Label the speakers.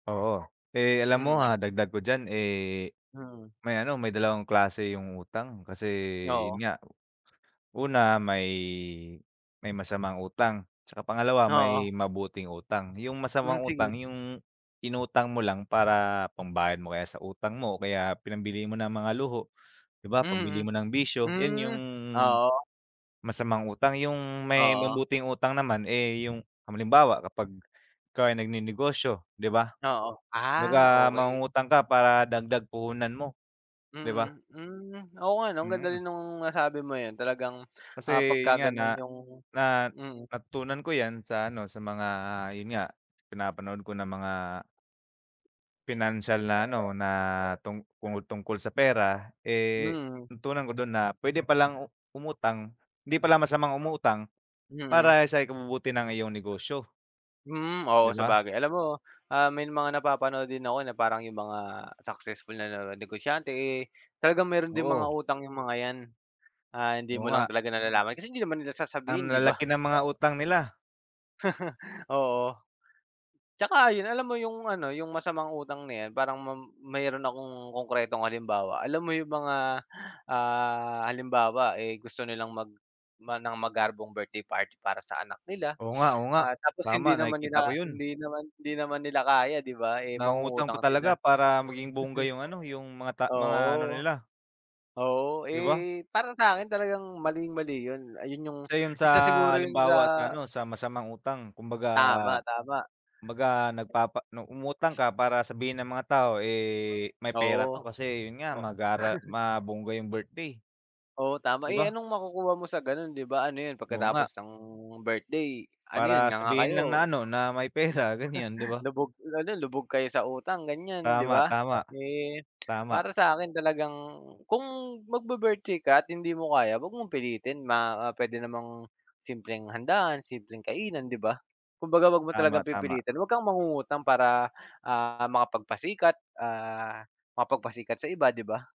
Speaker 1: Oo. Eh, alam mo,
Speaker 2: Mm.
Speaker 1: ah, dagdag ko diyan, eh,
Speaker 2: Mm.
Speaker 1: may ano, may dalawang klase yung utang. Kasi yun
Speaker 2: Oo.
Speaker 1: nga, una may may masamang utang 'tsaka pangalawa,
Speaker 2: Oo.
Speaker 1: may mabuting utang. Yung
Speaker 2: Mm,
Speaker 1: masamang
Speaker 2: sige.
Speaker 1: utang yung inutang mo lang para pambayad mo kaya sa utang mo o kaya pinambili mo ng mga luho, 'di ba? Pambili mo
Speaker 2: Mm.
Speaker 1: ng bisyo. Yun
Speaker 2: Mm.
Speaker 1: yung
Speaker 2: Oo.
Speaker 1: masamang utang. Yung may
Speaker 2: Oo.
Speaker 1: mabuting utang naman, eh, yung, halimbawa kapag ikaw ay nagnenegosyo, 'di ba?
Speaker 2: Oo. Ah,
Speaker 1: Baka
Speaker 2: okey.
Speaker 1: mangungutang ka para dagdag puhunan mo, 'di ba?
Speaker 2: Mm.Hmm. Oo nga 'no, ang ganda rin
Speaker 1: Mm.
Speaker 2: nung nasabi mong 'yan. Talagang,
Speaker 1: Kasi
Speaker 2: ah,
Speaker 1: yun nga, na
Speaker 2: pagkaganun yung
Speaker 1: na
Speaker 2: mm.
Speaker 1: natutunan ko 'yan sa ano, sa mga yun nga, pinapanood ko na mga pinansiyal na ano, na tungku tungkol sa pera. Eh,
Speaker 2: Mm.
Speaker 1: natutunan ko dun na pwede palang umutang, hindi pala masamang umutang
Speaker 2: Mm.
Speaker 1: para sa ikabubuti ng iyong negosyo.
Speaker 2: Mm.
Speaker 1: 'Di
Speaker 2: Oo,
Speaker 1: ba?
Speaker 2: sabagay. Alam mo, ah, may mga napapanood din ako na parang yung mga successful na negosyante, eh, talagang meron ding mga
Speaker 1: Oo.
Speaker 2: utang yung mga 'yan. Ah, hindi
Speaker 1: Oo
Speaker 2: mo lang
Speaker 1: nga.
Speaker 2: talaga nalalaman kasi hindi naman nila sasabihin,
Speaker 1: Ang
Speaker 2: 'di ba?
Speaker 1: lalaki ng mga utang nila.
Speaker 2: Oo. 'Tsaka ayun, alam mo yung ano, yung masamang utang na 'yan, parang mam mayroon akong konkretong halimbawa. Alam mo yung mga, ah, halimbawa, eh, gusto nilang mag gumawa ng magarbong birthday party para sa anak nila.
Speaker 1: Oo nga, oo nga.
Speaker 2: Ah, tapos
Speaker 1: Tama.
Speaker 2: hindi naman
Speaker 1: Nakikita ko
Speaker 2: nila
Speaker 1: yun.
Speaker 2: hindi naman hindi naman nila kaya, 'di ba? Eh,
Speaker 1: Nangungutang pa
Speaker 2: mangungutang sila.
Speaker 1: talaga para maging bongga yung ano, yung mga ta mga ano
Speaker 2: Oo.
Speaker 1: nila
Speaker 2: Oo.
Speaker 1: 'Di ba?
Speaker 2: Eh, para sa'kin talagang maling-mali yun. Ayun yung
Speaker 1: Isa yun sa
Speaker 2: isa siguro yun sa
Speaker 1: halimbawa sa ano, sa masamang utang. Kumbaga
Speaker 2: Tama, tama.
Speaker 1: 'kumbaga nagpapa nung umutang ka para sabihin ng mga tao eh, "May pera
Speaker 2: Oo.
Speaker 1: 'to." Kasi yun nga,
Speaker 2: O
Speaker 1: magara mabongga yung birthday.
Speaker 2: Oo, tama.
Speaker 1: 'Di
Speaker 2: Eh,
Speaker 1: ba?
Speaker 2: anong makukuha mo sa gano'n, 'di ba? Ano yun,
Speaker 1: Oo nga.
Speaker 2: pagkatapos ng birthday ano yun,
Speaker 1: Para
Speaker 2: nganga
Speaker 1: sabihin lang na
Speaker 2: kayo?
Speaker 1: ano, na may pera ganyan, 'di ba?
Speaker 2: Lubog ano, lubog kayo sa utang, ganyan, 'di
Speaker 1: Tama,
Speaker 2: ba?
Speaker 1: tama.
Speaker 2: Eh,
Speaker 1: Tama.
Speaker 2: para sa'kin talagang kung magbi-birthday ka at hindi mo kaya, wag mong pilitin. Ma pwede namang simpleng handaan, simpleng kainan, 'di ba? 'Kumbaga, wag mo
Speaker 1: Tama,
Speaker 2: talagang
Speaker 1: tama.
Speaker 2: pipilitin. Wag kang mangungutang para, ah, makapagpasikat, ah, makapagpasikat sa iba, 'di ba?